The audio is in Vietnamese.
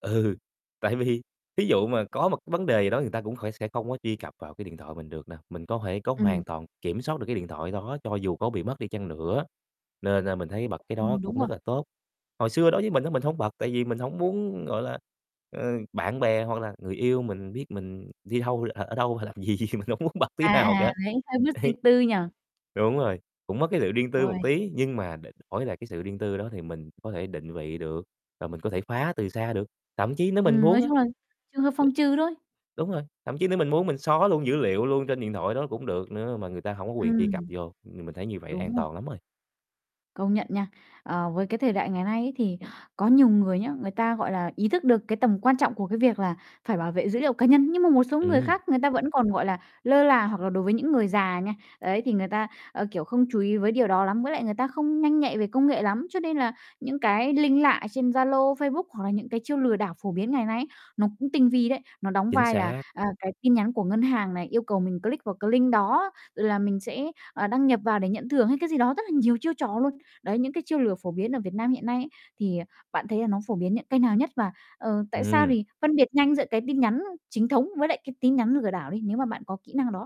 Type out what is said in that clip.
Ừ, tại vì thí dụ mà có một vấn đề gì đó người ta cũng khoẻ sẽ không có truy cập vào cái điện thoại mình được nè, mình có thể có Ừm. hoàn toàn kiểm soát được cái điện thoại đó cho dù có bị mất đi chăng nữa, nên, a, mình thấy bật cái đó Ừm, cũng đúng rồi. rất là tốt. Hồi xưa đối với mình á mình hông bật, tại vì mình hổng muốn, gọi là, ờ, bạn bè hoặc là người yêu mình biết mình đi đâu, ở ở đâu, làm gì, mình hổng muốn bật tí À, nào à, cả. thấy hơi mất Ấy. riêng tư nhỉ? Đúng rồi, cũng mất cái sự riêng tư một Uầy. tí nhưng mà đ đổi lại cái sự riêng tư đó thì mình có thể định vị được, và mình có thể khoá từ xa được, thậm chí nếu mình Ừm, muốn nói á, chung là, trường hợp phòng trừ thôi. đ đúng rồi, thậm chí nếu mình muốn mình xóa luôn dữ liệu luôn trên điện thoại đó cũng được nữa mà người ta hổng có quyền truy cập Ừm. vô. Ừm, mình thấy như vậy Đúng an rồi. toàn lắm rồi. Công nhận nha. Ờ, với cái thời đại ngày nay ấy thì có nhiều người nhá, người ta, gọi là, ý thức được cái tầm quan trọng của cái việc là phải bảo vệ dữ liệu cá nhân, nhưng mà một số người Ừm. khác, người ta vẫn còn, gọi là, lơ là hoặc là đối với những người già nha, ấy, thì người ta, ờ, kiểu, không chú ý với điều đó lắm, với lại người ta không nhanh nhạy về công nghệ lắm. Cho nên là những cái link lạ trên Zalo, Facebook hoặc là những cái chiêu lừa đảo phổ biến ngày nay ấy, nó cũng tinh vi đấy, nó đóng Chính vai là, xác. à, cái tin nhắn của ngân hàng này yêu cầu mình click vào cái link đó là mình sẽ, ờ, đăng nhập vào để nhận thưởng hay cái gì đó, rất là nhiều chiêu trò luôn. Đấy, những cái chiêu lừa phổ biến ở Việt Nam hiện nay ấy thì, à, bạn thấy là nó phổ biến những kênh nào nhất? Và, ờ, tại sao Ừm. thì phân biệt nhanh giữa cái tin nhắn chính thống với lại cái tin nhắn lừa đảo đi, nếu mà bạn có kỹ năng đó.